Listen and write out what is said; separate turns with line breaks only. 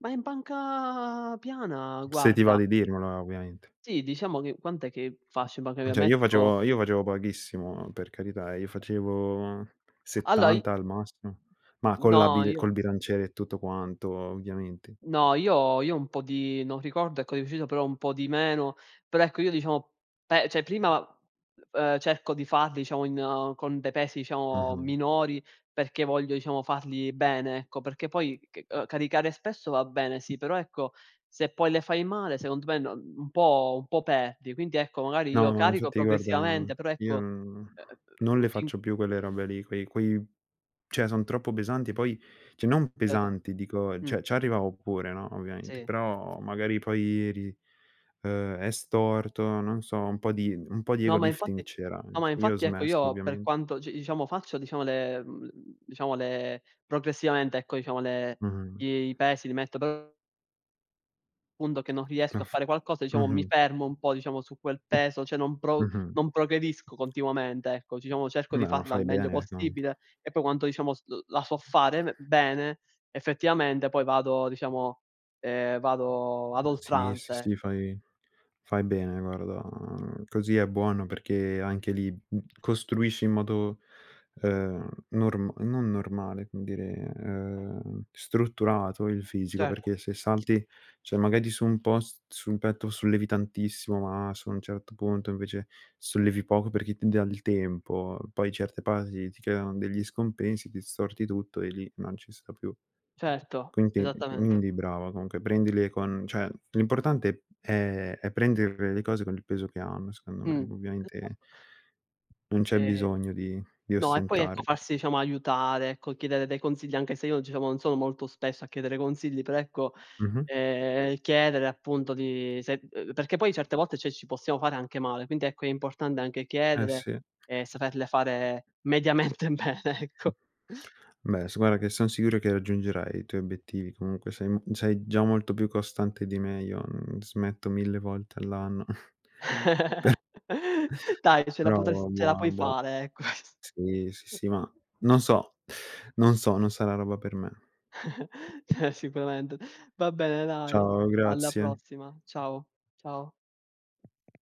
Ma in panca piana,
P se ti va
guarda
di dirmelo eh, ovviamente.
Sì, diciamo che quant'è che faccio in panca
Mh,
pia
cioè io
metto
facevo io facevo pochissimo per carità, io facevo
Allora i
70 al massimo, ma con la
No,
bile
io
col bilanciere e tutto quanto, ovviamente.
no, io io un po' di non ricordo ecco di preciso, però un po' di meno. Però ecco, io diciamo, pe cioè prima, e ehm, cerco di farli diciamo in con dei pesi diciamo
Mh-mh.
minori, perché voglio diciamo farli bene, ecco, perché poi c uhm, caricare spesso va bene, sì, però ecco, se poi le fai male secondo me no n un po' un po' perdi. Quindi ecco, magari io
No, ma
carico
infatti guarda, mhmm,
progressivamente, però
io
ecco,
non
ehm,
non
ehm,
le
ti
faccio più quelle robe lì, quei quei cioè son troppo pesanti poi, cioè non
Esa
pesanti dico,
Mh.
cioè ci arrivavo pure no ovviamente,
Sì.
però magari poi ri ehm, è storto, non so, un po' di un po' di ego
No, ma
lifting
infatti
c'era,
no
no.
ma
Io ho
infatti ecco
smesso
io per
ovviamente.
quanto, c diciamo, faccio diciamo le mhmm, le mhmm, diciamo le progressivamente ecco diciamo le
Mh-mh.
i i pesi li metto p Punto che non
Ma
riesco a
f
fare qualcosa diciamo, mi
mh-mh.
fermo un po' diciamo su quel peso, cioè non pro
Mh-mh.
non progredisco continuamente ecco, diciamo cerco di
Beh, ma
farla al
fai
meglio
bene comunque.
possibile e poi quanto diciamo s l la so fare be bene, effettivamente poi vado diciamo ehm, vado ad
Ma sì, sì,
oltranza,
sì,
ecco.
fai fai bene guarda, così è buono perché anche lì, costruisci in modo, ehm, norm non normale, come dire, ehm, strutturato il fisico,
Certo.
perché se salti cioè magari su un post sul petto sollevi tantissimo, ma su un certo punto invece sollevi poco perché ti dà il tempo. Poi certe parti ti creano degli scompensi, ti storti tutto e lì non ci sta più.
Certo,
Quindi, mh mhmm,
esattamente.
quindi brava comunque, prendile con cioè l'importante è è prenderle le cose con il peso che hanno secondo me.
Mh.
Ovviamente
Esatto.
non c'è
E
bisogno di di
no, e poi ecco
ostentare.
farsi diciamo aiutare, ecco chiedere dei consigli, anche se io diciamo non sono molto spesso a chiedere consigli, però ecco,
Mh-mh.
ehm, chiedere appunto di se, ehm perché poi certe volte cioè ci possiamo fare anche male. Quindi ecco è importante anche
Eh
chiedere
sì.
e saperle fare mediamente bene, ecco.
Beh, s guarda che son sicuro che raggiungerai i tuoi obiettivi. Comunque sei m sei già molto più costante di me, io, uhm, smetto 1000 volte all'anno. Per
Dai, ce la
Però
potrest ce la
buono,
puoi
buo
fare, eh ques
Sì, sì, sì, ma non so non so, non sarà roba per me.
Cioè, sicuramente. Va bene, dai.
Ciao,
Alla
grazie.
prossima. Ciao, ciao.